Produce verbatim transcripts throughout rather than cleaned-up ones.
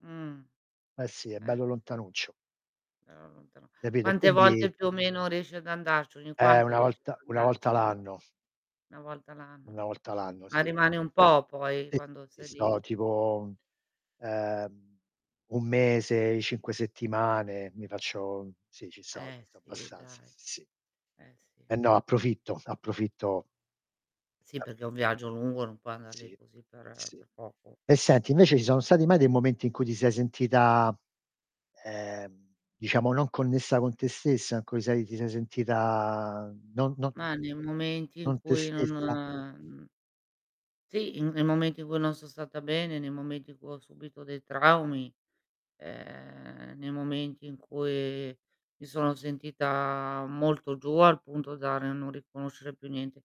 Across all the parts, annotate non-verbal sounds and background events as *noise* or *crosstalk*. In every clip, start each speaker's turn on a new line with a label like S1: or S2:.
S1: Mh.
S2: Eh, sì, è
S1: Eh,
S2: bello
S1: sì.
S2: lontanuccio.
S1: *unintelligible*
S2: Capito. E
S1: Quante
S2: quindi
S1: volte più o meno riesci ad andarci? Ogni
S2: Eh,
S1: quanto
S2: una
S1: riesci
S2: volta
S1: ad
S2: una volta
S1: andarci?
S2: l'anno.
S1: una volta l'anno.
S2: una volta l'anno,
S1: Ma
S2: sì.
S1: rimani un po' poi,
S2: Sì,
S1: quando
S2: sì,
S1: sei
S2: sto
S1: lì?
S2: tipo, ehm, un mese, cinque settimane, mi faccio sì, ci sto, ci
S1: Eh,
S2: sto
S1: sì
S2: abbastanza,
S1: dai.
S2: sì, sì.
S1: Eh,
S2: Eh
S1: sì.
S2: no, approfitto, approfitto
S1: Sì, perché è un
S2: *unintelligible*
S1: viaggio lungo, non puoi andar lì
S2: Sì.
S1: così per
S2: Sì.
S1: per poco.
S2: E senti, invece ci sono stati mai dei momenti in cui ti sei sentita, ehm, diciamo non connessa con te stessa? In cui sei ti sei sentita non non n
S1: Mah, nei momenti in
S2: non te
S1: cui non,
S2: stessa?
S1: mhmm Sì, in nei momenti in cui non son stata bene, nei momenti in cui ho subito dei traumi, ehm, nei momenti in cui mi sono sentita molto giù, al punto da ri non riconoscere più niente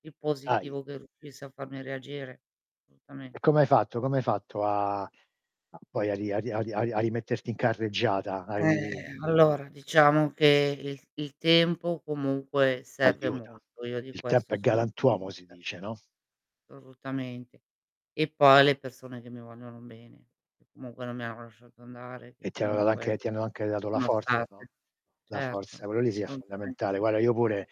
S1: di
S2: Ahi.
S1: positivo che riuscisse a farmi reagire. solutamen.
S2: E come hai fatto? Come hai fatto a a poi a ri a ri a ri a ri a rimetterti in carreggiata? A ri
S1: Eh, allora. Diciamo che il il tempo comunque serve
S2: Aiuta.
S1: molto, io di
S2: Il tempo
S1: questo
S2: è
S1: sono
S2: galantuomo si
S1: convinta.
S2: dice, no?
S1: solutamente. E poi le persone che mi vogliono bene, che comunque non mi hanno lasciato andare, che
S2: E ti ha dato anche
S1: comunque
S2: ti hanno anche dato la
S1: sono
S2: forza,
S1: state.
S2: no. La forza,
S1: Certo,
S2: quello lì sì, è fondamentale.
S1: assolutamente.
S2: Guarda, io pure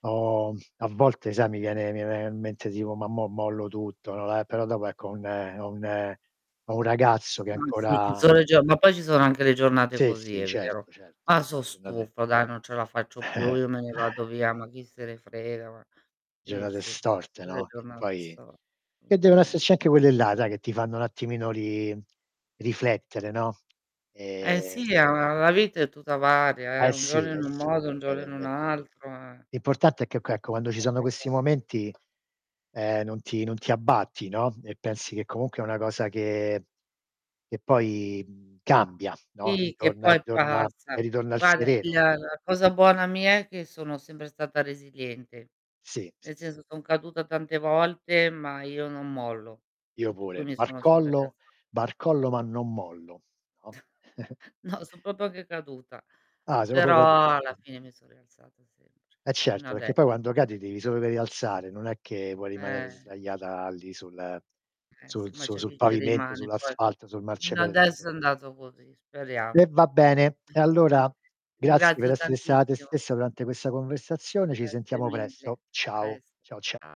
S2: ho a volte sai, mi viene mi viene in mente tipo, "ma mò mollo tutto", no, eh, però dopo ecco, ho un ho un ho un ragazzo che
S1: Ma sì, ci
S2: ancora
S1: son le giorna ma poi ci sono anche le giornate
S2: Sì,
S1: così,
S2: sì,
S1: è vero.
S2: certo, certo.
S1: Ma
S2: *unintelligible*
S1: son
S2: giornate
S1: stufa dai, non ce la faccio più,
S2: *chuckles*
S1: io me ne vado via, ma chi se ne frega ma sì,
S2: Giornate
S1: sì,
S2: storte, no. Che
S1: *unintelligible*
S2: poi che devono
S1: solutamen.
S2: esserci anche quelle là, dai che ti fanno un attimino ri riflettere, no.
S1: Eh
S2: Ehm
S1: sì, è una la vita è tutta varia, eh,
S2: Eh
S1: un
S2: sì,
S1: giorno
S2: eh
S1: in un
S2: sì.
S1: modo, un giorno
S2: Vero, è
S1: in un
S2: vero.
S1: altro, eh.
S2: L'importante è che oc ecco, quando ci sono questi
S1: *unintelligible*
S2: momenti, ehm, non ti non ti abbatti, no, e pensi che comunque è una cosa che che poi, mhmm, cambia, no.
S1: Sì, che
S2: Ritorna e
S1: poi
S2: ritorna e
S1: passa.
S2: ritorna il
S1: Guarda, il
S2: sereno, no?
S1: la la cosa buona mia è che sono sempre stata resiliente.
S2: Sì. Sì,
S1: Nel
S2: s
S1: senso son caduta tante volte, ma io non mollo.
S2: Io
S1: Per cui
S2: pure,
S1: mi sono sempre
S2: barcollo
S1: rialza
S2: barcollo ma non mollo, no? *giggles*
S1: *chuckles* No, son propio anche caduta,
S2: Ah, sei popio caduta.
S1: però, alla fine mi son rialzata sempre.
S2: Eh
S1: Fino
S2: certo, perché
S1: adesso.
S2: poi quando
S1: *unintelligible*
S2: cadi ti devi solo che rialzare, non è che vuoi rimanere
S1: Eh.
S2: sdraiata lì sul
S1: Eh sì,
S2: sul
S1: ma
S2: su
S1: c'è
S2: sul
S1: chi ci
S2: pavimento,
S1: rimane poi.
S2: sull'asfalto, sul
S1: Fino
S2: marciapiede
S1: adesso
S2: *unintelligible*
S1: è andato così,
S2: E
S1: speriamo.
S2: va bene. E
S1: *unintelligible*
S2: allora
S1: Ti
S2: grazie per
S1: ringrazio
S2: essere stata te
S1: tantissimo.
S2: stessa durante questa conversazione. Ci
S1: Grazie
S2: sentiamo
S1: mille.
S2: presto.
S1: A
S2: Ciao.
S1: presto.
S2: Ciao, cia
S1: Cia